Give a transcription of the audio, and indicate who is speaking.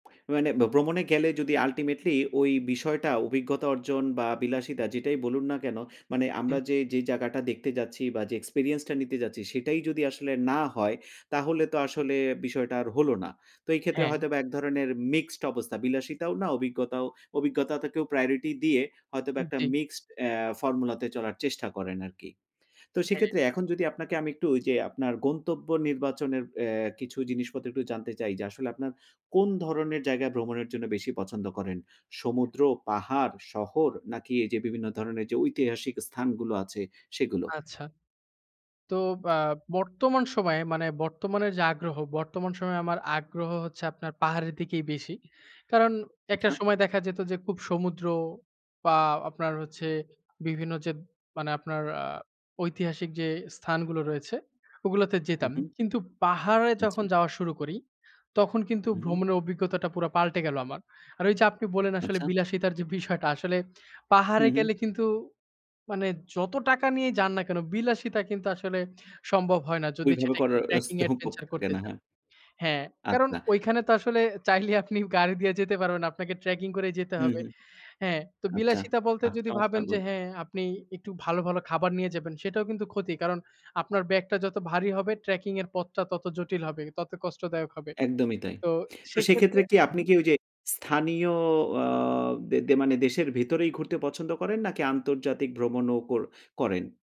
Speaker 1: মানে ভ্রমণে গেলে যদি ultimately ওই বিষয়টা অভিজ্ঞতা অর্জন বা বিলাসিতা যেটাই বলুন না কেন, মানে
Speaker 2: জি।
Speaker 1: আমরা যে, যে জায়গাটা দেখতে যাচ্ছি বা যে experience টা নিতে যাচ্ছি সেটাই যদি আসলে না হয়, তাহলে তো আসলে বিষয়টা আর হলো না। তো এই ক্ষেত্রে
Speaker 2: হ্যাঁ।
Speaker 1: হয়তোবা এক ধরনের মিক্সড অবস্থা। বিলাসিতাও না, অভিজ্ঞতাও, অভিজ্ঞতা তো কেউ priority দিয়ে হয়তোবা
Speaker 2: উম
Speaker 1: একটা
Speaker 2: জি।
Speaker 1: mixed অ্যা formula তে চলার চেষ্টা করেন আরকি। তো
Speaker 2: হ্যাঁ।
Speaker 1: সেক্ষেত্রে এখন যদি আপনাকে আমি একটু ওইযে আপনার গন্তব্য নির্বাচনের অ্যা কিছু জিনিসপত্র একটু জানতে চাই যে আসলে আপনার কোন ধরনের জায়গায় ভ্রমণের জন্য বেশি পছন্দ করেন? সমুদ্র, পাহাড়, শহর নাকি এই যে বিভিন্ন ধরণের যে ঐতিহাসিক স্থানগুলো আছে সেগুলো?
Speaker 2: আচ্ছা। তো আ বর্তমান সময়ে মানে বর্তমানের যে আগ্রহ বর্তমান সময়ে আমার আগ্রহ হচ্ছে আপনার পাহাড়ের দিকেই বেশি। কারণ একটা
Speaker 1: আচ্ছা।
Speaker 2: সময় দেখা যেত যে খুব সমুদ্র বা আপনার হচ্ছে বিভিন্ন যে মানে আপনার আ ঐতিহাসিক যে স্থানগুলো রয়েছে ওগুলাতে
Speaker 1: হুম,
Speaker 2: যেতাম।
Speaker 1: হুম।
Speaker 2: কিন্তু পাহাড়ে
Speaker 1: জি।
Speaker 2: যখন যাওয়া শুরু করি তখন কিন্তু
Speaker 1: উহু।
Speaker 2: ভ্রমণের অভিজ্ঞতাটা পুরা পাল্টে গেল আমার। আর ওই যে আপনি বললেন আসলে
Speaker 1: আচ্ছা।
Speaker 2: বিলাসিতার যে বিষয়টা, আসলে পাহাড়ে
Speaker 1: উহু।
Speaker 2: গেলে কিন্তু মানে যত টাকা নিয়ে যান না কেন বিলাসিতা কিন্তু আসলে সম্ভব হয় না। যদি
Speaker 1: ওইভাবে
Speaker 2: সেটা একটু
Speaker 1: করার
Speaker 2: ট্র্যাকিং
Speaker 1: স্তোপ ওপ
Speaker 2: অ্যাডভেঞ্চার
Speaker 1: থাকে
Speaker 2: করতে
Speaker 1: না,
Speaker 2: চান।
Speaker 1: হ্যাঁ।
Speaker 2: হ্যাঁ, কারণ
Speaker 1: আচ্ছা।
Speaker 2: ঐখানে তো আসলে চাইলে আপনি গাড়ি দিয়ে যেতে পারবেন না, আপনাকে ট্র্যাকিং করেই যেতে
Speaker 1: হুম,
Speaker 2: হবে।
Speaker 1: হুম।
Speaker 2: হ্যাঁ, তো
Speaker 1: আচ্ছা
Speaker 2: বিলাসিতা বলতে
Speaker 1: বাহ
Speaker 2: যদি
Speaker 1: চমৎকার
Speaker 2: ভাবেন যে
Speaker 1: বল
Speaker 2: হ্যাঁ, আপনি একটু ভালো, ভালো খাবার নিয়ে যাবেন সেটাও কিন্তু ক্ষতি কারণ আপনার ব্যাগটা যত ভারী হবে ট্র্যাকিং এর পথটা তত জটিল হবে, তত কষ্টদায়ক হবে।
Speaker 1: একদমই তাই।
Speaker 2: তো
Speaker 1: তো
Speaker 2: সেক্ষেত্রে
Speaker 1: সেক্ষেত্রে কি আপনি
Speaker 2: হুম।
Speaker 1: কি ওই যে স্থানীয় আ দে মানে দেশের ভিতরেই ঘুরতে পছন্দ করেন নাকি আন্তর্জাতিক ভ্রমণও কোর করেন?